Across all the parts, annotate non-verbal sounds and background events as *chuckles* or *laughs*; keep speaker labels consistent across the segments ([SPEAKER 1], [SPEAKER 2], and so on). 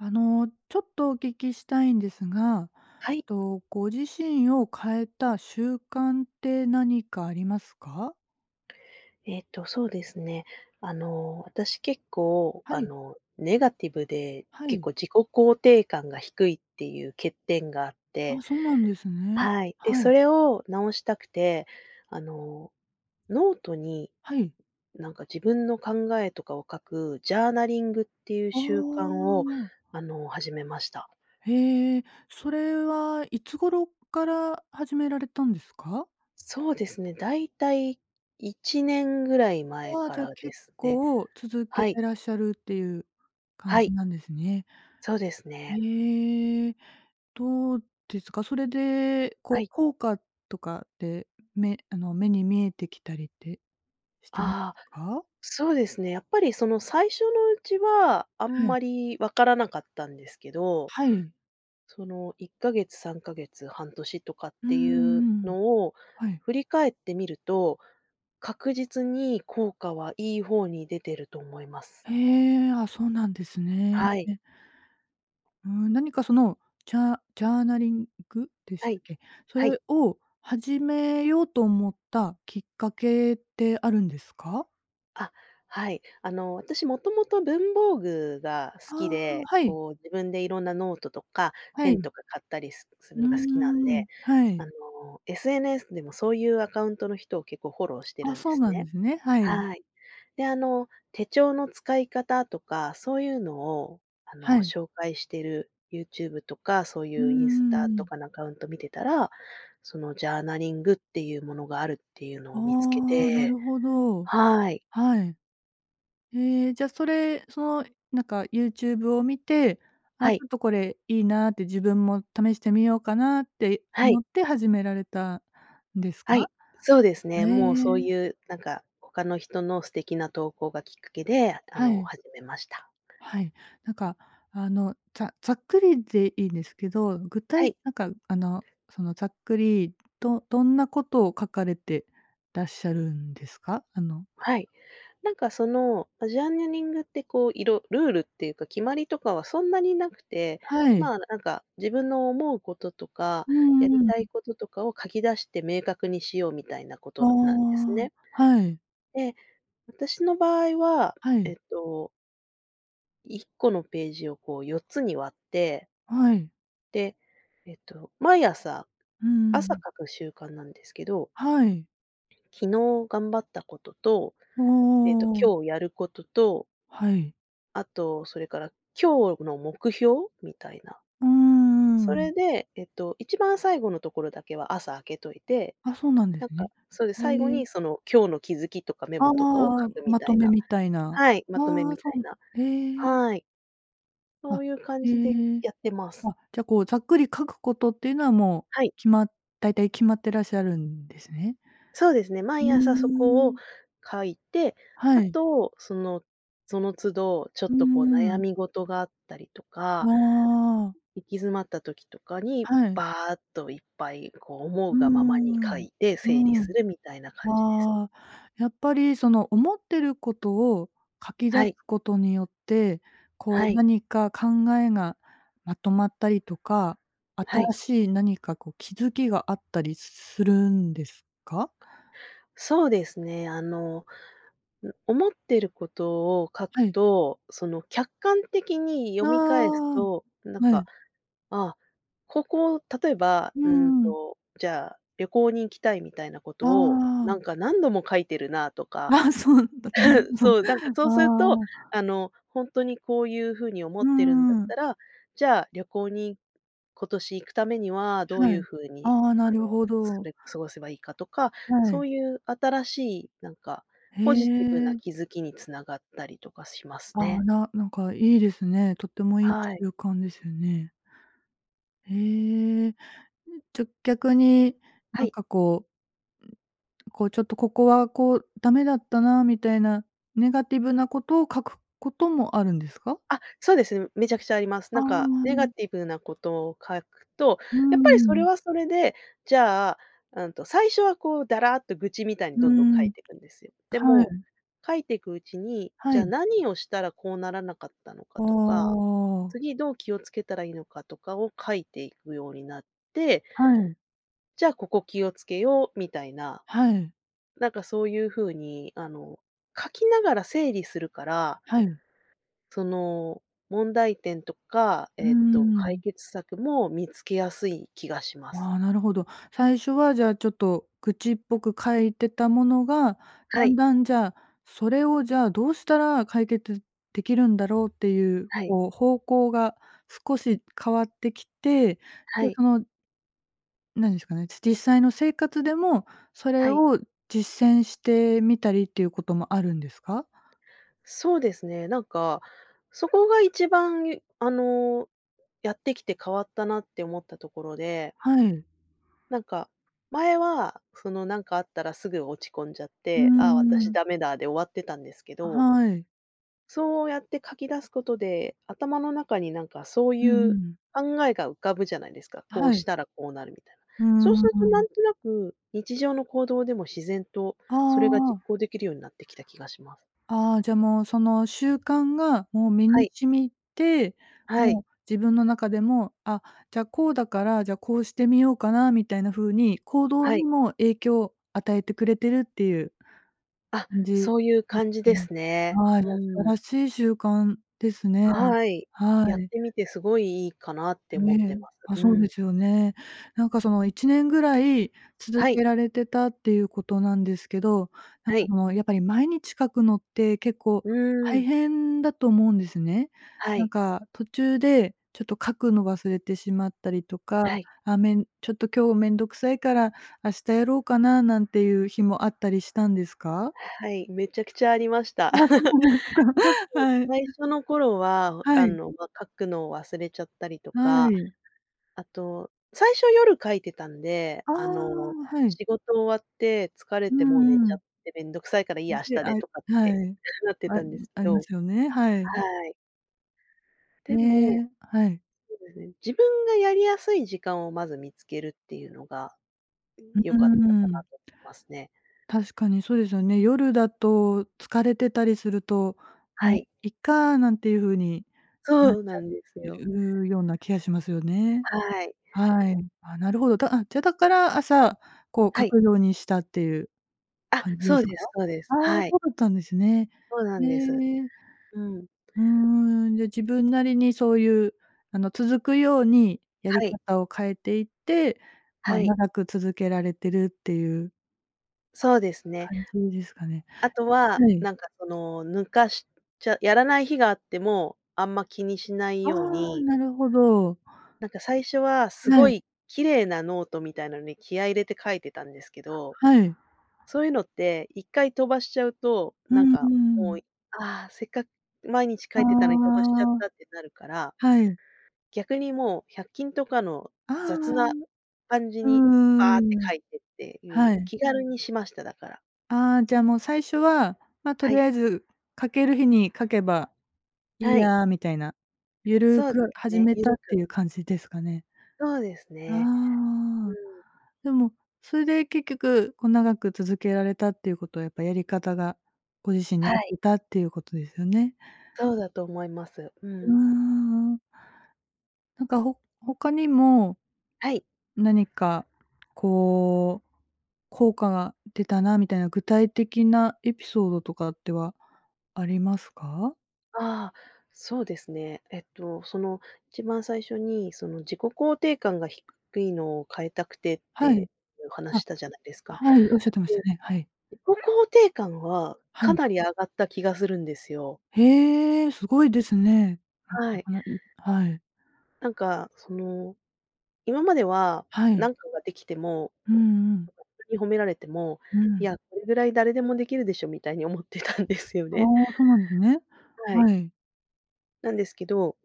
[SPEAKER 1] あの、ちょっとお聞きしたいんですが、
[SPEAKER 2] はい。
[SPEAKER 1] と、ご自身を変えた習慣って何かありますか？
[SPEAKER 2] えーと、そうですね、あの、私結構
[SPEAKER 1] は
[SPEAKER 2] あ
[SPEAKER 1] い。
[SPEAKER 2] の、ネガティブで
[SPEAKER 1] は
[SPEAKER 2] 結
[SPEAKER 1] い。
[SPEAKER 2] 構自己肯定感が低いっていう欠点があって
[SPEAKER 1] あ、そうなんですね。
[SPEAKER 2] はい、で、
[SPEAKER 1] は
[SPEAKER 2] そ
[SPEAKER 1] い。
[SPEAKER 2] れを直したくて、あの、ノートに
[SPEAKER 1] はい。
[SPEAKER 2] なんか自分の考えとかを書く、ジャーナリングっていう
[SPEAKER 1] ああ、
[SPEAKER 2] 習慣を
[SPEAKER 1] ああ。
[SPEAKER 2] あの、始めました。
[SPEAKER 1] へえ、それはいつ頃から始められたんですか？
[SPEAKER 2] そうですね、大体1年ぐらい前
[SPEAKER 1] ああ、
[SPEAKER 2] か
[SPEAKER 1] じゃ、
[SPEAKER 2] らで
[SPEAKER 1] 結
[SPEAKER 2] すね、
[SPEAKER 1] 構続け
[SPEAKER 2] はい。
[SPEAKER 1] てらっしゃるっていう感
[SPEAKER 2] は
[SPEAKER 1] じ
[SPEAKER 2] い。
[SPEAKER 1] なんですね。
[SPEAKER 2] そうですね。
[SPEAKER 1] ええ。どうですか？それで
[SPEAKER 2] は
[SPEAKER 1] こう、
[SPEAKER 2] い。
[SPEAKER 1] 効果とかって目あの、目に見えてきたりってしてます
[SPEAKER 2] ああ、
[SPEAKER 1] か？
[SPEAKER 2] そうですね、やっぱりその、最初のうちはあん
[SPEAKER 1] はあ。
[SPEAKER 2] まり分からなかったんですけど、
[SPEAKER 1] はい。
[SPEAKER 2] その、1か月、3か月、半年とかっ
[SPEAKER 1] う
[SPEAKER 2] て
[SPEAKER 1] んう
[SPEAKER 2] いう
[SPEAKER 1] んうん。
[SPEAKER 2] のを
[SPEAKER 1] はい。
[SPEAKER 2] 振り返ってみると、確実に効果はいい方に出てると思います。
[SPEAKER 1] へえ、あ、そうなんですね。
[SPEAKER 2] はい。
[SPEAKER 1] うん、何かその、チャージャーナリング？でし
[SPEAKER 2] はい。
[SPEAKER 1] っけ？そ
[SPEAKER 2] はい。
[SPEAKER 1] れを始めようと思ったきっかけってあるんですか？
[SPEAKER 2] あ、はい、あの、私もともと文房具が好き
[SPEAKER 1] ああ、
[SPEAKER 2] で、
[SPEAKER 1] はい。
[SPEAKER 2] こう、自分でいろんなノートとかペ
[SPEAKER 1] は
[SPEAKER 2] ン
[SPEAKER 1] い。
[SPEAKER 2] とか買ったりすす
[SPEAKER 1] う
[SPEAKER 2] る
[SPEAKER 1] ー
[SPEAKER 2] のが好きなん
[SPEAKER 1] ん、
[SPEAKER 2] で、
[SPEAKER 1] は
[SPEAKER 2] あ
[SPEAKER 1] い。
[SPEAKER 2] の、SNS でもそういうアカウントの人を結構フォローして
[SPEAKER 1] あ、
[SPEAKER 2] るんで
[SPEAKER 1] そう
[SPEAKER 2] す
[SPEAKER 1] なん
[SPEAKER 2] ね。
[SPEAKER 1] ですね、はい。
[SPEAKER 2] はい。で、あの、手帳の使い方とか、そういうのをあ
[SPEAKER 1] は
[SPEAKER 2] の、
[SPEAKER 1] い。
[SPEAKER 2] 紹介してる YouTube とか、そう
[SPEAKER 1] うん
[SPEAKER 2] いうインス
[SPEAKER 1] う
[SPEAKER 2] タ
[SPEAKER 1] んう
[SPEAKER 2] と
[SPEAKER 1] ん。
[SPEAKER 2] かのアカウント見てたら、その、ジャーナリングっていうものがあるっていうの
[SPEAKER 1] あ
[SPEAKER 2] を見つけ
[SPEAKER 1] あ、な
[SPEAKER 2] て
[SPEAKER 1] るほど。
[SPEAKER 2] はい。
[SPEAKER 1] はい。ええ、じゃそれその、なんか YouTube を見て、
[SPEAKER 2] は
[SPEAKER 1] あ、ち
[SPEAKER 2] い。
[SPEAKER 1] ょっとこれいいなって、自分も試してみようかなって
[SPEAKER 2] はい。
[SPEAKER 1] 思って始められたんです
[SPEAKER 2] は
[SPEAKER 1] か？
[SPEAKER 2] い、そうですね。
[SPEAKER 1] へ
[SPEAKER 2] もうそう
[SPEAKER 1] え。
[SPEAKER 2] いうなんか、ほかの人の素敵な投稿がきっかけで、ああ
[SPEAKER 1] は
[SPEAKER 2] の
[SPEAKER 1] い。
[SPEAKER 2] 始めました。
[SPEAKER 1] はい。なんかあの、ざざっくりでいいんですけど、具
[SPEAKER 2] は
[SPEAKER 1] 体
[SPEAKER 2] い。
[SPEAKER 1] なんかあの、その、ざっくり、どどんなことを書かれてらっしゃるんですか？あの
[SPEAKER 2] はい。なんかその、ジャーナリングってこう、いろルールっていうか決まりとかはそんなになくて、
[SPEAKER 1] はい。
[SPEAKER 2] まあ、なんか自分の思うこととか、
[SPEAKER 1] う
[SPEAKER 2] やり
[SPEAKER 1] ん、う
[SPEAKER 2] たい
[SPEAKER 1] ん。
[SPEAKER 2] こととかを書き出して、明確にしようみたいなこ
[SPEAKER 1] あ
[SPEAKER 2] となんです
[SPEAKER 1] あ、
[SPEAKER 2] ね。
[SPEAKER 1] はい。
[SPEAKER 2] で、私の場合は、
[SPEAKER 1] はい。
[SPEAKER 2] えっと1個のページをこう、4つに割って
[SPEAKER 1] はい。
[SPEAKER 2] で、えと、毎朝
[SPEAKER 1] うんうんう
[SPEAKER 2] 朝、
[SPEAKER 1] ん。
[SPEAKER 2] 書く習慣なんですけど
[SPEAKER 1] はい。
[SPEAKER 2] 昨日頑張ったことと、
[SPEAKER 1] ああ
[SPEAKER 2] えっと、
[SPEAKER 1] ああああ。
[SPEAKER 2] 今日やることと
[SPEAKER 1] はい。
[SPEAKER 2] あと、それから今日の目標？みたいな。
[SPEAKER 1] うーん、うん
[SPEAKER 2] そ
[SPEAKER 1] うん。
[SPEAKER 2] れで、えっと、一番最後のところだけは、朝、空けといて、
[SPEAKER 1] あ、そうなんで
[SPEAKER 2] なん
[SPEAKER 1] す
[SPEAKER 2] か
[SPEAKER 1] ね。
[SPEAKER 2] そう、で、最後
[SPEAKER 1] へえ。
[SPEAKER 2] にその、今日の気づきとかメ
[SPEAKER 1] ああ
[SPEAKER 2] モ
[SPEAKER 1] あ
[SPEAKER 2] とかを
[SPEAKER 1] あああ、
[SPEAKER 2] 書くみ
[SPEAKER 1] ま
[SPEAKER 2] た
[SPEAKER 1] と
[SPEAKER 2] い
[SPEAKER 1] め
[SPEAKER 2] な
[SPEAKER 1] みたいな。
[SPEAKER 2] はい、まとめ
[SPEAKER 1] あ
[SPEAKER 2] み
[SPEAKER 1] あ、
[SPEAKER 2] た
[SPEAKER 1] そ
[SPEAKER 2] いな
[SPEAKER 1] う。へえ。
[SPEAKER 2] はい。そ
[SPEAKER 1] あ、
[SPEAKER 2] ういう感
[SPEAKER 1] え
[SPEAKER 2] じで
[SPEAKER 1] え。
[SPEAKER 2] やってます。
[SPEAKER 1] あ、じゃあこう、ざっくり書くことっていうのはもう
[SPEAKER 2] はい。
[SPEAKER 1] 決ま大体決まってらっしゃるんですね？
[SPEAKER 2] そうですね、
[SPEAKER 1] うー
[SPEAKER 2] 毎朝そこを
[SPEAKER 1] ん。
[SPEAKER 2] 書いて、
[SPEAKER 1] は
[SPEAKER 2] あ
[SPEAKER 1] い。
[SPEAKER 2] と、そのその都度、ちょっ
[SPEAKER 1] うー
[SPEAKER 2] とこう悩
[SPEAKER 1] ん。
[SPEAKER 2] み事があったりと
[SPEAKER 1] あ
[SPEAKER 2] か、
[SPEAKER 1] あ。
[SPEAKER 2] い行き詰まった時とかに、
[SPEAKER 1] はい。
[SPEAKER 2] バーッといっぱいこう、思
[SPEAKER 1] う
[SPEAKER 2] う
[SPEAKER 1] ー
[SPEAKER 2] がままに書
[SPEAKER 1] ん。
[SPEAKER 2] いて整理
[SPEAKER 1] う
[SPEAKER 2] す
[SPEAKER 1] ん。
[SPEAKER 2] るみたいな感じです。
[SPEAKER 1] ああ、やっぱりその、思ってることを書き出す
[SPEAKER 2] はい。
[SPEAKER 1] ことによって、こ
[SPEAKER 2] は
[SPEAKER 1] う
[SPEAKER 2] い。
[SPEAKER 1] 何か考えがまとまったりとか、
[SPEAKER 2] はい。
[SPEAKER 1] 新しい何か、こ、気づきがあったりすするんですか？
[SPEAKER 2] そうですね、あの、ん、思ってることを書く
[SPEAKER 1] はい。
[SPEAKER 2] と、その、客観的に
[SPEAKER 1] あ
[SPEAKER 2] 読み返す
[SPEAKER 1] あ、
[SPEAKER 2] と、なん
[SPEAKER 1] は
[SPEAKER 2] か、
[SPEAKER 1] い。
[SPEAKER 2] 「あ、ここ」、例えば、
[SPEAKER 1] う
[SPEAKER 2] うん
[SPEAKER 1] ん、うん。
[SPEAKER 2] と、じゃあ旅行に行きたいみたいなこと
[SPEAKER 1] あ
[SPEAKER 2] を、「な
[SPEAKER 1] あ。
[SPEAKER 2] んか、何度も書いてるな」とか、
[SPEAKER 1] あ、そうなんだ。*unintelligible*
[SPEAKER 2] *chuckles*
[SPEAKER 1] そう、
[SPEAKER 2] そう、なんかそうすると、
[SPEAKER 1] ああ。
[SPEAKER 2] あの、ほんとにこういう風に思
[SPEAKER 1] う
[SPEAKER 2] ってるんだっ
[SPEAKER 1] ん、うん。
[SPEAKER 2] たら、じゃあ旅行に今年行くためにはどう
[SPEAKER 1] は
[SPEAKER 2] いう
[SPEAKER 1] い。
[SPEAKER 2] 風に、
[SPEAKER 1] ああ、な
[SPEAKER 2] あ
[SPEAKER 1] る
[SPEAKER 2] の、
[SPEAKER 1] ほ
[SPEAKER 2] す
[SPEAKER 1] ど。
[SPEAKER 2] れ過ごせばいいかとか、
[SPEAKER 1] は
[SPEAKER 2] そ
[SPEAKER 1] い。
[SPEAKER 2] ういう新しいなんか、
[SPEAKER 1] へ
[SPEAKER 2] ポジティブな
[SPEAKER 1] え。
[SPEAKER 2] 気づきに繋がったりとかします
[SPEAKER 1] ああ、
[SPEAKER 2] ね。
[SPEAKER 1] ななんかいいですね、とってもいい
[SPEAKER 2] はい。
[SPEAKER 1] 習慣ですよね。へえ、ん、じゃ、逆に
[SPEAKER 2] は
[SPEAKER 1] なん
[SPEAKER 2] い。
[SPEAKER 1] かこうこう、ちょっとここはこう、ダメだったな、みたいなネガティブなことを書くこともあるんですか？
[SPEAKER 2] あ、そうです、めちゃくちゃあります。
[SPEAKER 1] あ
[SPEAKER 2] な
[SPEAKER 1] あ、
[SPEAKER 2] んか
[SPEAKER 1] う
[SPEAKER 2] ネガ
[SPEAKER 1] ん。
[SPEAKER 2] ティブなことを書くと、
[SPEAKER 1] うー
[SPEAKER 2] やっぱりそれ
[SPEAKER 1] ん。
[SPEAKER 2] はそれでじゃあうんと最初はこう、だらっと愚痴みたいに
[SPEAKER 1] う
[SPEAKER 2] どんどん書
[SPEAKER 1] ー
[SPEAKER 2] い
[SPEAKER 1] ん、
[SPEAKER 2] てくんですよ。で
[SPEAKER 1] は
[SPEAKER 2] も、
[SPEAKER 1] い。
[SPEAKER 2] 書いてくうちに、
[SPEAKER 1] は
[SPEAKER 2] じゃあ
[SPEAKER 1] い。
[SPEAKER 2] 何をしたらこうならなかったのか
[SPEAKER 1] あ
[SPEAKER 2] とか、
[SPEAKER 1] あ。
[SPEAKER 2] 次どう気をつけたらいいのかとかを書いていくようになって、
[SPEAKER 1] はい。
[SPEAKER 2] 「じゃあ、ここ気をつけよう」みたいな、
[SPEAKER 1] はい。
[SPEAKER 2] なんかそういう風に、あの、書きながら整理するから
[SPEAKER 1] はい。
[SPEAKER 2] その、問題点とか、
[SPEAKER 1] うー
[SPEAKER 2] えっと、解
[SPEAKER 1] ん。
[SPEAKER 2] 決策も見つけやすい気がします。
[SPEAKER 1] ああ、なるほど。最初はじゃあ、ちょっと愚痴っぽく書いてたものが、
[SPEAKER 2] は
[SPEAKER 1] だん
[SPEAKER 2] い。
[SPEAKER 1] だんじゃあ、「それをじゃあ、どうしたら解決できるんだろう？」っていう
[SPEAKER 2] はい。
[SPEAKER 1] こう、方向が少し変わってきて、で、
[SPEAKER 2] はい。
[SPEAKER 1] そのなんですかね、し実際の生活でも、それ
[SPEAKER 2] はい。
[SPEAKER 1] を実践してみたりっていうこともあるんですか？
[SPEAKER 2] そうですね、なんか、そこが一番ゆあの、やってきて変わったなって思ったところで
[SPEAKER 1] はい。
[SPEAKER 2] なんか、前はその、なんかあったらすぐ落ち込んじゃっ
[SPEAKER 1] うー
[SPEAKER 2] て、「あ、私
[SPEAKER 1] ん。
[SPEAKER 2] ダメだ」で終わってたんですけ
[SPEAKER 1] あ、
[SPEAKER 2] ど
[SPEAKER 1] はい。
[SPEAKER 2] そうやって書き出すことで、頭の中になんかそうい
[SPEAKER 1] うんう
[SPEAKER 2] う
[SPEAKER 1] ん。
[SPEAKER 2] 考えが浮かぶじゃないですか、こ
[SPEAKER 1] は
[SPEAKER 2] う
[SPEAKER 1] い。
[SPEAKER 2] したらこうなるみたいな。
[SPEAKER 1] うー
[SPEAKER 2] そうするとなん
[SPEAKER 1] ん。
[SPEAKER 2] となく、日常の行動でも自然と
[SPEAKER 1] あ
[SPEAKER 2] それが実
[SPEAKER 1] あ。
[SPEAKER 2] 行できるようになってきた気がします。
[SPEAKER 1] ああ、じゃ、もうその習慣がもう身
[SPEAKER 2] は
[SPEAKER 1] に
[SPEAKER 2] い。
[SPEAKER 1] 染みて、
[SPEAKER 2] は
[SPEAKER 1] も
[SPEAKER 2] い。
[SPEAKER 1] う自分の中でも、「あ、じゃ、こうだから、じゃ、こうしてみようかな」みたいな風に、行動
[SPEAKER 2] は
[SPEAKER 1] に
[SPEAKER 2] い。
[SPEAKER 1] も影響与えてくれてるっていう、
[SPEAKER 2] あ、
[SPEAKER 1] んじん、う、
[SPEAKER 2] そういう感じ
[SPEAKER 1] う
[SPEAKER 2] です
[SPEAKER 1] ん。
[SPEAKER 2] ね。
[SPEAKER 1] はい、あた
[SPEAKER 2] うん。
[SPEAKER 1] らしい習慣ですね。
[SPEAKER 2] はい、
[SPEAKER 1] は
[SPEAKER 2] やっ
[SPEAKER 1] い。
[SPEAKER 2] てみてすごい、いいかなって
[SPEAKER 1] え
[SPEAKER 2] 思って
[SPEAKER 1] え、
[SPEAKER 2] ます。
[SPEAKER 1] あ、
[SPEAKER 2] う
[SPEAKER 1] そうで
[SPEAKER 2] ん。
[SPEAKER 1] すよね。なんかその、1年ぐらい続
[SPEAKER 2] はい。
[SPEAKER 1] けられてたっていうことなんですけど、なん
[SPEAKER 2] は
[SPEAKER 1] か
[SPEAKER 2] い。
[SPEAKER 1] もう、やっぱり毎日書くのって結構
[SPEAKER 2] うー
[SPEAKER 1] 大
[SPEAKER 2] ん。
[SPEAKER 1] 変だと思うんですね。
[SPEAKER 2] は
[SPEAKER 1] なん
[SPEAKER 2] い。
[SPEAKER 1] か途中で、ちょっと書くの忘れてしまったりとか、
[SPEAKER 2] はい。
[SPEAKER 1] あ、めんちょっと、今日めんどくさいから、明日やろうかな、なんていう日もあったりしたんですか？
[SPEAKER 2] はい、めちゃくちゃありました。
[SPEAKER 1] ああ、そ
[SPEAKER 2] *laughs*
[SPEAKER 1] うです
[SPEAKER 2] 特に
[SPEAKER 1] か。はい。
[SPEAKER 2] 最
[SPEAKER 1] *chuckles*
[SPEAKER 2] 初の頃は、お
[SPEAKER 1] は
[SPEAKER 2] あ
[SPEAKER 1] い。
[SPEAKER 2] の、ま、書くのを忘れちゃったりと
[SPEAKER 1] は
[SPEAKER 2] か、
[SPEAKER 1] い。
[SPEAKER 2] あと、最初、夜書いてたんで、
[SPEAKER 1] ああ、
[SPEAKER 2] あの、
[SPEAKER 1] はい。
[SPEAKER 2] 仕事終わって疲れ
[SPEAKER 1] う
[SPEAKER 2] てもう寝
[SPEAKER 1] ん、う
[SPEAKER 2] ちゃっ
[SPEAKER 1] ん。
[SPEAKER 2] て、「めんどくさいからいい
[SPEAKER 1] ん
[SPEAKER 2] や、明
[SPEAKER 1] で
[SPEAKER 2] 日
[SPEAKER 1] あ、
[SPEAKER 2] で」
[SPEAKER 1] は
[SPEAKER 2] とかって
[SPEAKER 1] い。
[SPEAKER 2] なって
[SPEAKER 1] あ、
[SPEAKER 2] たんですけ
[SPEAKER 1] ありま
[SPEAKER 2] ど
[SPEAKER 1] すよね、はい。
[SPEAKER 2] はい。
[SPEAKER 1] へ
[SPEAKER 2] でも、
[SPEAKER 1] え、はい。
[SPEAKER 2] そうですね、自分がやりやすい時間をまず見つけるっていうのが、
[SPEAKER 1] う、う
[SPEAKER 2] 良
[SPEAKER 1] ー
[SPEAKER 2] かったかな
[SPEAKER 1] ん。
[SPEAKER 2] とお、ますね。
[SPEAKER 1] 確かに、そうですよね。夜だと、疲れてたりすると
[SPEAKER 2] は
[SPEAKER 1] 「も
[SPEAKER 2] い。
[SPEAKER 1] う、いっか」なんていう風に、なっ
[SPEAKER 2] そう
[SPEAKER 1] ち
[SPEAKER 2] な
[SPEAKER 1] ゃ
[SPEAKER 2] んですよ。
[SPEAKER 1] うような気がしますよね。
[SPEAKER 2] はい。
[SPEAKER 1] はい。ああ、なるほど、だあ、じゃ、だから朝、こう
[SPEAKER 2] は
[SPEAKER 1] 書
[SPEAKER 2] い。
[SPEAKER 1] くようにしたっていう
[SPEAKER 2] あ、
[SPEAKER 1] 感じで
[SPEAKER 2] そう
[SPEAKER 1] すか？
[SPEAKER 2] ですそうです。
[SPEAKER 1] ああ、そ
[SPEAKER 2] はい。
[SPEAKER 1] うだったんですね。
[SPEAKER 2] そうな
[SPEAKER 1] へ
[SPEAKER 2] んです。
[SPEAKER 1] え。
[SPEAKER 2] うん。
[SPEAKER 1] うーん、で、自分なりにそういう、あの、続くようにやり
[SPEAKER 2] はい。
[SPEAKER 1] 方を変えていって、ま、
[SPEAKER 2] はい。
[SPEAKER 1] 長く続けられてるっていう
[SPEAKER 2] そうですね。
[SPEAKER 1] 感じですかね。
[SPEAKER 2] あとは、
[SPEAKER 1] はい。
[SPEAKER 2] なんかその、抜かしちゃやらない日があっても、あんま気にしない
[SPEAKER 1] あ
[SPEAKER 2] よう
[SPEAKER 1] あ、
[SPEAKER 2] に
[SPEAKER 1] なるほど。
[SPEAKER 2] なんか最初は、す
[SPEAKER 1] え
[SPEAKER 2] ご
[SPEAKER 1] え。
[SPEAKER 2] い綺麗なノートみたいなのに気合い入れて書いてたんですけど、
[SPEAKER 1] はい。
[SPEAKER 2] そういうのって、1回飛ばしちゃうと、
[SPEAKER 1] う
[SPEAKER 2] なん
[SPEAKER 1] ん、うん、
[SPEAKER 2] か
[SPEAKER 1] う
[SPEAKER 2] もう、
[SPEAKER 1] ん。
[SPEAKER 2] い「ああ！せっかく毎日書
[SPEAKER 1] あ
[SPEAKER 2] いてたのに飛ばしちゃっ
[SPEAKER 1] あ。
[SPEAKER 2] た」ってなるから、
[SPEAKER 1] はい。
[SPEAKER 2] 逆にもう百均とかの
[SPEAKER 1] ああ、あ
[SPEAKER 2] 雑
[SPEAKER 1] あ。
[SPEAKER 2] な感じ
[SPEAKER 1] う
[SPEAKER 2] に、
[SPEAKER 1] ー
[SPEAKER 2] バーッて
[SPEAKER 1] ん。
[SPEAKER 2] 書いてってい
[SPEAKER 1] は
[SPEAKER 2] う
[SPEAKER 1] い。
[SPEAKER 2] 気軽にしました、だから。
[SPEAKER 1] ああ、じゃ、もう最初は、「ま、と
[SPEAKER 2] は
[SPEAKER 1] り
[SPEAKER 2] い。
[SPEAKER 1] あえず書ける日に書けばいい
[SPEAKER 2] はい。
[SPEAKER 1] や」みたいな、ゆる
[SPEAKER 2] そうで
[SPEAKER 1] く
[SPEAKER 2] す
[SPEAKER 1] 始
[SPEAKER 2] ね、
[SPEAKER 1] め
[SPEAKER 2] ゆ
[SPEAKER 1] たっ
[SPEAKER 2] る
[SPEAKER 1] て
[SPEAKER 2] く。
[SPEAKER 1] いう感じですかね。
[SPEAKER 2] そうです
[SPEAKER 1] ああ
[SPEAKER 2] ね。
[SPEAKER 1] ああ、
[SPEAKER 2] うん。
[SPEAKER 1] でもそれで結局、こ、長く続けられたっていうことは、やっぱやり方がご自身に合
[SPEAKER 2] は
[SPEAKER 1] っ
[SPEAKER 2] い。
[SPEAKER 1] てたっていうことですよね？
[SPEAKER 2] そうだと思います。う
[SPEAKER 1] うー
[SPEAKER 2] ん。
[SPEAKER 1] ん、うん。なんか、ほ他にも、
[SPEAKER 2] はい。
[SPEAKER 1] 何かこう効果が出たなみたいな具体的なエピソードとかってはありますか？
[SPEAKER 2] ああ、そうですね。えっとその、一番最初に、その、自己肯定感が低いのを変えたくてって
[SPEAKER 1] はい。
[SPEAKER 2] いう
[SPEAKER 1] あ、
[SPEAKER 2] 話したじゃないですか。
[SPEAKER 1] はい、おっしゃってまし
[SPEAKER 2] で、
[SPEAKER 1] たね、はい。
[SPEAKER 2] 自己肯定感は
[SPEAKER 1] は
[SPEAKER 2] か
[SPEAKER 1] い。
[SPEAKER 2] なり上がった気がするんですよ。
[SPEAKER 1] へえ、すごいですね。
[SPEAKER 2] はい。
[SPEAKER 1] *unintelligible* はい。
[SPEAKER 2] なんかその、今までは、
[SPEAKER 1] は
[SPEAKER 2] な
[SPEAKER 1] い。
[SPEAKER 2] んかができても、
[SPEAKER 1] うん、うん。
[SPEAKER 2] *unintelligible* に褒められても、
[SPEAKER 1] う
[SPEAKER 2] 「い
[SPEAKER 1] ん。
[SPEAKER 2] や、これぐらい誰でもできるでしょ」みたいに思ってたんですよ
[SPEAKER 1] あ
[SPEAKER 2] ね。
[SPEAKER 1] あ、そうなんですね。
[SPEAKER 2] はい。
[SPEAKER 1] はい。
[SPEAKER 2] なんですけど、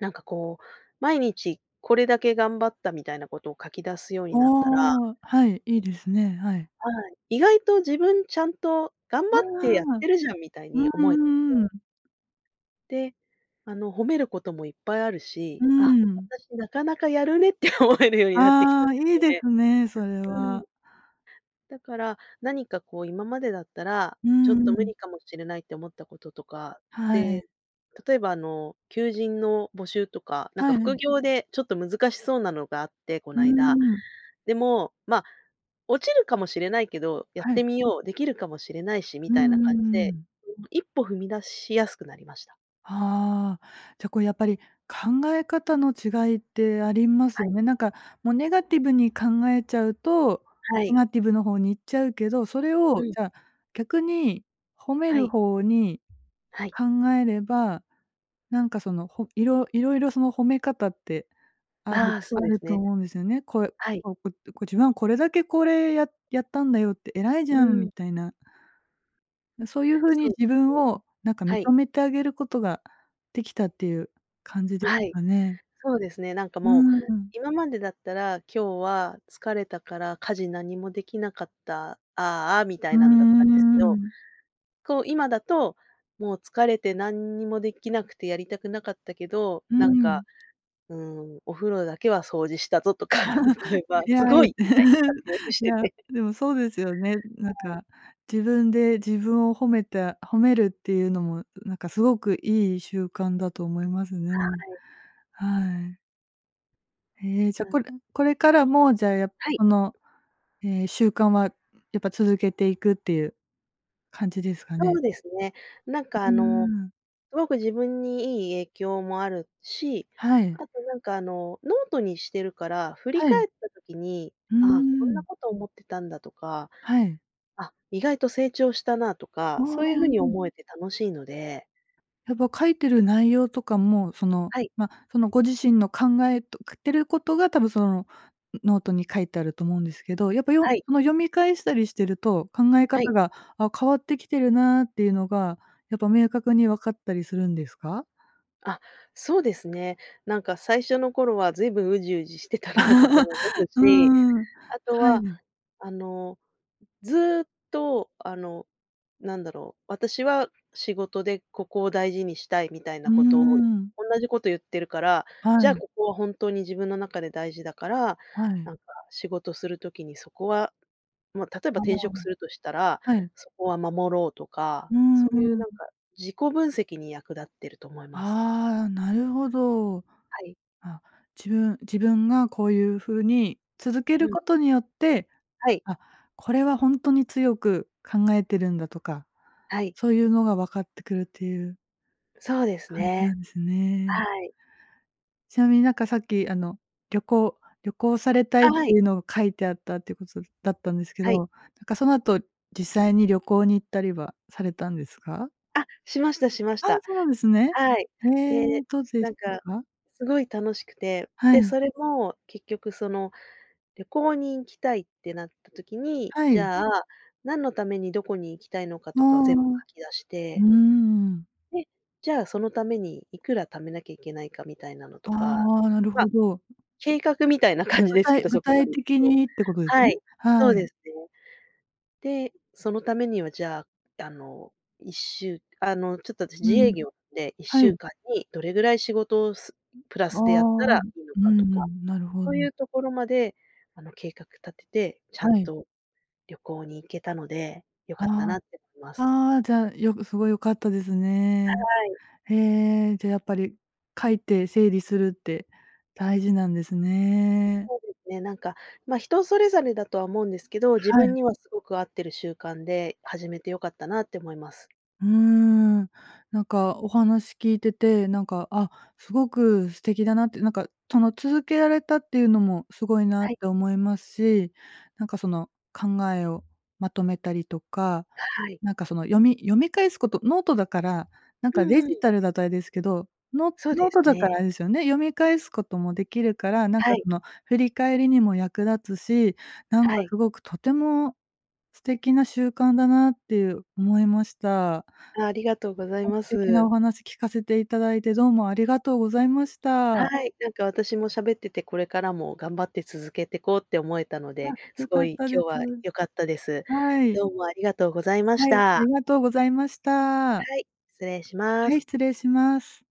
[SPEAKER 2] なんかこう毎日これだけ頑張ったみたいなことを書き出すように
[SPEAKER 1] あ
[SPEAKER 2] なったら、
[SPEAKER 1] あ、はい、いいですね、はい。
[SPEAKER 2] はい、意外と自分ちゃんと頑
[SPEAKER 1] ああ、
[SPEAKER 2] 張ってやってるじゃんみたい
[SPEAKER 1] う
[SPEAKER 2] に
[SPEAKER 1] ん
[SPEAKER 2] 思え
[SPEAKER 1] う
[SPEAKER 2] てき
[SPEAKER 1] んう
[SPEAKER 2] て。
[SPEAKER 1] ん。
[SPEAKER 2] で、あの褒めることもいっぱいある
[SPEAKER 1] う
[SPEAKER 2] し、あ、
[SPEAKER 1] ん。
[SPEAKER 2] 私なかなかやるねって思えるようになってきた
[SPEAKER 1] あ
[SPEAKER 2] んで
[SPEAKER 1] あ、い
[SPEAKER 2] す
[SPEAKER 1] い
[SPEAKER 2] よ
[SPEAKER 1] で
[SPEAKER 2] ね。
[SPEAKER 1] すね、それ
[SPEAKER 2] うん。
[SPEAKER 1] は。
[SPEAKER 2] だから、何かこう今までだったら、
[SPEAKER 1] う
[SPEAKER 2] ちょっ
[SPEAKER 1] ん
[SPEAKER 2] と
[SPEAKER 1] う
[SPEAKER 2] 無
[SPEAKER 1] ん。
[SPEAKER 2] 理かもしれないって思ったこととか、
[SPEAKER 1] はい。
[SPEAKER 2] で、例えばあの求人の募集とか、なん
[SPEAKER 1] は
[SPEAKER 2] か副
[SPEAKER 1] い。
[SPEAKER 2] 業でちょっと難しそうなのがあって、こ
[SPEAKER 1] うー
[SPEAKER 2] ないだ。
[SPEAKER 1] ん。
[SPEAKER 2] でも、ま、落ちるかもしれないけど、やっ
[SPEAKER 1] は
[SPEAKER 2] て
[SPEAKER 1] い。
[SPEAKER 2] みよう、できるかもしれないしみ
[SPEAKER 1] うん
[SPEAKER 2] たいな
[SPEAKER 1] う
[SPEAKER 2] 感じ
[SPEAKER 1] んう
[SPEAKER 2] で、
[SPEAKER 1] ん。
[SPEAKER 2] *unintelligible* 一歩踏み出しやすくなりました。
[SPEAKER 1] は、じゃこれやっぱり考え方の違いってあります
[SPEAKER 2] は
[SPEAKER 1] よ
[SPEAKER 2] い。
[SPEAKER 1] ね。なんかもうネガティブに考えちゃうと、
[SPEAKER 2] は
[SPEAKER 1] ネ
[SPEAKER 2] い。
[SPEAKER 1] ガティブの方に行っちゃうけど、それ
[SPEAKER 2] う
[SPEAKER 1] を
[SPEAKER 2] ん。
[SPEAKER 1] じゃあ逆に褒め
[SPEAKER 2] は
[SPEAKER 1] る
[SPEAKER 2] い。
[SPEAKER 1] 方に
[SPEAKER 2] はい。
[SPEAKER 1] 考えれば、なんかそのほいろ色々その褒め方ってある
[SPEAKER 2] ああ、そ
[SPEAKER 1] あ
[SPEAKER 2] うで
[SPEAKER 1] る
[SPEAKER 2] す
[SPEAKER 1] と
[SPEAKER 2] ね。
[SPEAKER 1] 思うんですよね。こえ
[SPEAKER 2] はい。
[SPEAKER 1] こう、こ自分はこれだけこれややったんだよって偉いじ
[SPEAKER 2] う
[SPEAKER 1] ゃんみ
[SPEAKER 2] ん。
[SPEAKER 1] たいな。な、そういう風に
[SPEAKER 2] そうで
[SPEAKER 1] 自
[SPEAKER 2] す
[SPEAKER 1] 分
[SPEAKER 2] ね。
[SPEAKER 1] をなんか認
[SPEAKER 2] はい。
[SPEAKER 1] めてあげることができたっていう感じです
[SPEAKER 2] はい、
[SPEAKER 1] かね。
[SPEAKER 2] そうですね、なんか
[SPEAKER 1] う
[SPEAKER 2] もう、
[SPEAKER 1] ん。
[SPEAKER 2] 今までだったら今日は疲れたから家事何もできなかった、ああ、あ、みた
[SPEAKER 1] う
[SPEAKER 2] い
[SPEAKER 1] ー
[SPEAKER 2] なんだったんですけど、
[SPEAKER 1] ん。
[SPEAKER 2] こう今だと、もう疲れてなんにもできなくてやりたくなかったけど、
[SPEAKER 1] う
[SPEAKER 2] なん
[SPEAKER 1] ん。
[SPEAKER 2] か、うん、お風呂だけは掃除したぞとか、例
[SPEAKER 1] *chuckles*
[SPEAKER 2] えば
[SPEAKER 1] い
[SPEAKER 2] す
[SPEAKER 1] やい
[SPEAKER 2] ごいみたいに活
[SPEAKER 1] *chuckles*
[SPEAKER 2] 用し
[SPEAKER 1] い
[SPEAKER 2] て
[SPEAKER 1] や
[SPEAKER 2] て。
[SPEAKER 1] でもそうですよね。な
[SPEAKER 2] は
[SPEAKER 1] ん
[SPEAKER 2] い。
[SPEAKER 1] か自分で自分を褒めた褒めるっていうのもなんかすごくいい習慣だと思いますね。
[SPEAKER 2] はい。
[SPEAKER 1] はい。へえ、じ
[SPEAKER 2] う
[SPEAKER 1] ゃこ
[SPEAKER 2] ん。
[SPEAKER 1] れこれからもじゃ、やっ
[SPEAKER 2] はい。
[SPEAKER 1] この、え、習慣はやっぱ続けていくっていう感じですか
[SPEAKER 2] そ
[SPEAKER 1] ね。
[SPEAKER 2] うですね。なんか
[SPEAKER 1] う
[SPEAKER 2] あ
[SPEAKER 1] ー
[SPEAKER 2] の
[SPEAKER 1] ん。
[SPEAKER 2] すごく自分にいい影響もあるし、
[SPEAKER 1] は
[SPEAKER 2] あ
[SPEAKER 1] い。
[SPEAKER 2] となんかあのノートにしてるから、振り
[SPEAKER 1] はい。
[SPEAKER 2] 返った時に、
[SPEAKER 1] うー
[SPEAKER 2] ああ、こんな
[SPEAKER 1] ん。
[SPEAKER 2] こと思ってたんだとか、
[SPEAKER 1] はい。
[SPEAKER 2] あ、意外と成長したなと
[SPEAKER 1] あ
[SPEAKER 2] か、そ
[SPEAKER 1] あ、
[SPEAKER 2] ういう風に
[SPEAKER 1] うん。
[SPEAKER 2] 思えて楽しいので。
[SPEAKER 1] やっぱ書いてる内容とかもその、
[SPEAKER 2] はい。
[SPEAKER 1] ま、そのご自身の考えとくってることが多分そのノートに書いてあると思うんですけど、やっぱよ
[SPEAKER 2] はい。
[SPEAKER 1] ま、読み返したりしてると考え
[SPEAKER 2] は
[SPEAKER 1] 方
[SPEAKER 2] い。
[SPEAKER 1] が、あ、変わってきてるなっていうのがやっぱ明確に分かったりするんですか？
[SPEAKER 2] あ、そうですね。なんか最初の頃はずいぶんうじうじしてたなとかも思
[SPEAKER 1] *chuckles*
[SPEAKER 2] う
[SPEAKER 1] う
[SPEAKER 2] し、
[SPEAKER 1] ーん、
[SPEAKER 2] あと
[SPEAKER 1] は
[SPEAKER 2] は
[SPEAKER 1] い。
[SPEAKER 2] あのずっとあのなんだろう、私は仕事でここを大事にしたいみたい
[SPEAKER 1] う
[SPEAKER 2] な
[SPEAKER 1] ー
[SPEAKER 2] ことを
[SPEAKER 1] ん。
[SPEAKER 2] おんなじこと言ってるから、じ
[SPEAKER 1] は
[SPEAKER 2] ゃあ
[SPEAKER 1] い。
[SPEAKER 2] ここは本当に自分の中で大事だから
[SPEAKER 1] はい。
[SPEAKER 2] なんか仕事する時にそこは、ま、例えば
[SPEAKER 1] あ
[SPEAKER 2] 転職する
[SPEAKER 1] あ。
[SPEAKER 2] としたら、
[SPEAKER 1] はい。
[SPEAKER 2] そこは守ろうとか、
[SPEAKER 1] うん
[SPEAKER 2] そういう
[SPEAKER 1] うん。
[SPEAKER 2] なんか自己分析に役立ってると思います。
[SPEAKER 1] ああ、なるほど。
[SPEAKER 2] はい。
[SPEAKER 1] あ、自分自分がこういう風に続け
[SPEAKER 2] う
[SPEAKER 1] る
[SPEAKER 2] ん。
[SPEAKER 1] ことによって、
[SPEAKER 2] はい。
[SPEAKER 1] あ、これはほんとに強く考えてるんだとか、
[SPEAKER 2] はい。
[SPEAKER 1] そういうのが分かってくるっていう
[SPEAKER 2] そうです
[SPEAKER 1] 感じな
[SPEAKER 2] ね。
[SPEAKER 1] んですね。
[SPEAKER 2] はい。
[SPEAKER 1] ちなみになんかさっきあの旅行旅行されたい
[SPEAKER 2] あ、
[SPEAKER 1] っ
[SPEAKER 2] は
[SPEAKER 1] て
[SPEAKER 2] い。
[SPEAKER 1] いうのを書いてあったっていうことそだったんですけど、
[SPEAKER 2] はい。
[SPEAKER 1] なんかその後実際に旅行に行ったりはされたんですか？
[SPEAKER 2] あ、しましたしまし
[SPEAKER 1] ああ、
[SPEAKER 2] た。
[SPEAKER 1] そうなんですね。
[SPEAKER 2] はい。
[SPEAKER 1] ええ、
[SPEAKER 2] で、
[SPEAKER 1] どうで
[SPEAKER 2] な
[SPEAKER 1] し
[SPEAKER 2] ん
[SPEAKER 1] た
[SPEAKER 2] か
[SPEAKER 1] か？
[SPEAKER 2] すごい楽しくて、
[SPEAKER 1] は
[SPEAKER 2] で、
[SPEAKER 1] い。
[SPEAKER 2] それも結局その旅行に行きたいってなった時に、
[SPEAKER 1] は
[SPEAKER 2] じ
[SPEAKER 1] い。
[SPEAKER 2] ゃあ何のためにどこに行きたいのか
[SPEAKER 1] あ
[SPEAKER 2] とかを全部
[SPEAKER 1] あ。
[SPEAKER 2] 書き出し
[SPEAKER 1] う
[SPEAKER 2] て。
[SPEAKER 1] ーん。
[SPEAKER 2] で、じゃあそのためにいくら貯めなきゃいけないかみたいなのと
[SPEAKER 1] あ
[SPEAKER 2] か、
[SPEAKER 1] あ、なる
[SPEAKER 2] ま、
[SPEAKER 1] ほど。
[SPEAKER 2] 計画みたいな
[SPEAKER 1] う、
[SPEAKER 2] 感じ
[SPEAKER 1] 具
[SPEAKER 2] ですけ
[SPEAKER 1] 体
[SPEAKER 2] ど、
[SPEAKER 1] 具
[SPEAKER 2] そこま
[SPEAKER 1] 体
[SPEAKER 2] でいく
[SPEAKER 1] 的
[SPEAKER 2] と。
[SPEAKER 1] にってことです
[SPEAKER 2] は
[SPEAKER 1] ね。
[SPEAKER 2] い、そ
[SPEAKER 1] は
[SPEAKER 2] う
[SPEAKER 1] い。
[SPEAKER 2] ですね。で、そのためにはじゃああの1週あのちょっと
[SPEAKER 1] う
[SPEAKER 2] 自営
[SPEAKER 1] ん。
[SPEAKER 2] 業、でいっし
[SPEAKER 1] は
[SPEAKER 2] ゅう
[SPEAKER 1] い。
[SPEAKER 2] かんにどれぐらい仕事をすプラ
[SPEAKER 1] ああ、
[SPEAKER 2] スでやったら
[SPEAKER 1] うん
[SPEAKER 2] いいの
[SPEAKER 1] う
[SPEAKER 2] かとか、
[SPEAKER 1] ん、なるほ
[SPEAKER 2] そうい
[SPEAKER 1] ど。
[SPEAKER 2] うところまであの計画立てて、ちゃん
[SPEAKER 1] はい。
[SPEAKER 2] と旅行に行けたので、良かった
[SPEAKER 1] あ
[SPEAKER 2] なって思いま
[SPEAKER 1] あ、
[SPEAKER 2] す。
[SPEAKER 1] ああ、じゃよくすごい良かったですね。
[SPEAKER 2] はい。
[SPEAKER 1] へえ、じゃあやっぱり書いて整理するって大事なんですね。
[SPEAKER 2] そうですね、なんか、ま、人それぞれだとは思うんですけど、自
[SPEAKER 1] は
[SPEAKER 2] 分
[SPEAKER 1] い。
[SPEAKER 2] にはすごく合ってる習慣で始めて良かったなって思います。
[SPEAKER 1] うーん、なんかお話聞いてて、なんか、あ、すごく素敵だなって、なんかその続けられたっていうのもすごいなっ
[SPEAKER 2] はい。
[SPEAKER 1] て思いますし、なんかその考えをまとめたりとか、
[SPEAKER 2] はい。
[SPEAKER 1] なんかその読み読み返すことノートだから、なん
[SPEAKER 2] う
[SPEAKER 1] かデ
[SPEAKER 2] んう
[SPEAKER 1] ジ
[SPEAKER 2] ん。
[SPEAKER 1] タルだとあれですけど、ノ
[SPEAKER 2] そう
[SPEAKER 1] ノ
[SPEAKER 2] で
[SPEAKER 1] ー
[SPEAKER 2] す
[SPEAKER 1] トだから
[SPEAKER 2] ね。
[SPEAKER 1] あれですよね、読み返すこともできるから、なん
[SPEAKER 2] は
[SPEAKER 1] か
[SPEAKER 2] い。
[SPEAKER 1] その振り返りにも役立つし、なん
[SPEAKER 2] は
[SPEAKER 1] か
[SPEAKER 2] い。
[SPEAKER 1] すごくとても素敵な習慣だなっていう思いました。
[SPEAKER 2] あ、ありがとうござい
[SPEAKER 1] あ、素
[SPEAKER 2] ま
[SPEAKER 1] 敵な
[SPEAKER 2] す。
[SPEAKER 1] お話聞かせていただいてどうもありがとうございまし
[SPEAKER 2] は
[SPEAKER 1] た。
[SPEAKER 2] い、なんか私も喋っててこれからも頑張って続けてこうって思えたので、
[SPEAKER 1] あ、
[SPEAKER 2] す
[SPEAKER 1] 良
[SPEAKER 2] ご
[SPEAKER 1] かっ
[SPEAKER 2] い
[SPEAKER 1] たで
[SPEAKER 2] 今日
[SPEAKER 1] す。
[SPEAKER 2] は良かったです。
[SPEAKER 1] はい。
[SPEAKER 2] どうもありがとうございまし
[SPEAKER 1] はい、あ
[SPEAKER 2] た。
[SPEAKER 1] りがとうございました。
[SPEAKER 2] はい、失礼しま
[SPEAKER 1] はい、
[SPEAKER 2] す。
[SPEAKER 1] 失礼します。